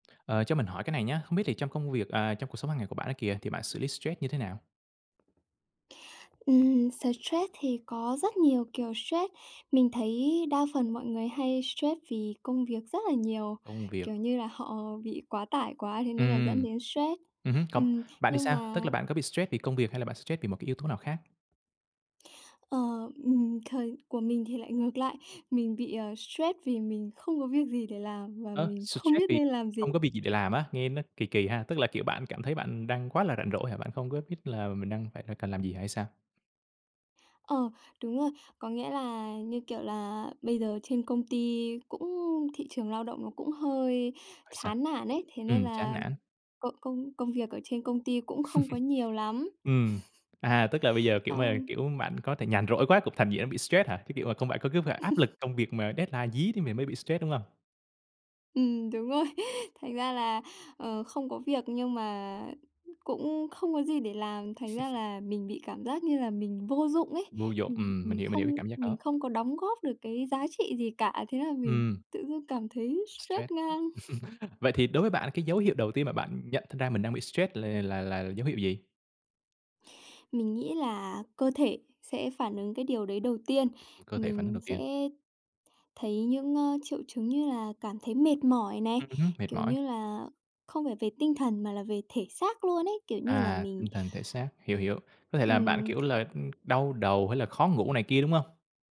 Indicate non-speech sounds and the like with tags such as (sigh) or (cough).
Ờ, cho mình hỏi cái này nhá, không biết thì trong công việc, à, trong cuộc sống hàng ngày của bạn á kìa, thì bạn xử lý stress như thế nào? Ừm, stress thì có rất nhiều kiểu stress. Mình thấy đa phần mọi người hay stress vì công việc rất là nhiều, Công việc. kiểu như là, họ bị quá tải quá thế nên là dẫn Ừm. đến stress. Ừm hứm, còn Ừm, bạn thì nhưng sao? Tức là mà bạn có bị stress vì công việc hay là bạn bị stress vì một cái yếu tố nào khác? Ờ, ừm, thời của mình thì lại ngược lại. Mình bị, ờ, stress vì mình không có việc gì để làm và Ơ, mình không stress biết vì nên làm gì. không có việc gì để làm á? Nghe nó kỳ kỳ ha. Tức là, kiểu, bạn cảm thấy bạn đang quá là rảnh rỗi hả? Bạn không có biết là mình đang phải là cần làm gì hả hay sao? Ờ, đúng rồi. Có nghĩa là, như kiểu là, bây giờ trên công ty cũng thị trường lao động nó cũng hơi Ơi, sao? chán nản ấy. Thế nên Ừm, chán là nản. công công công việc ở trên công ty cũng không có nhiều (chuckles) lắm. Ừm, (chuckles) à, tức là bây giờ kiểu mà, Xong kiểu, bạn có thể nhàn rỗi quá cũng thành dễ bị stress hả? Cái kiểu mà không phải có cứ phải áp lực (chuckles) công việc mà deadline dí thì mình mới bị stress, đúng hông? Ừm, đúng rồi, thành ra là, ờ, không có việc nhưng mà cũng không có gì để làm. Thành ra (chuckles) là mình bị cảm giác như là mình vô dụng ấy, Vô dụng, mình ừm, mình mình hiểu, mình hiểu cái không cảm giác đó. mình không có đóng góp được cái giá trị gì cả, thế là mình Ừm. tự dưng cảm thấy Stress. stress ngang. (chuckles) (chuckles) Vậy thì đối với bạn cái dấu hiệu đầu tiên mà bạn nhận thật ra mình đang bị stress là là là dấu hiệu gì? Mình nghĩ là cơ thể sẽ phản ứng cái điều đấy đầu tiên. Ừm, cơ thể phản ứng Mình đầu tiên. sẽ thấy những, a, triệu chứng như là cảm thấy mệt mỏi này, Ừm hứm, mệt kiểu mỏi. như là, không phải về tinh thần mà là về thể xác luôn ấy, kiểu như là À, mình tinh thần, thể xác, hiểu, hiểu. Có thể là bạn, kiểu ừm. là, ừm, đau đầu hay là khó ngủ này kia, đúng hông?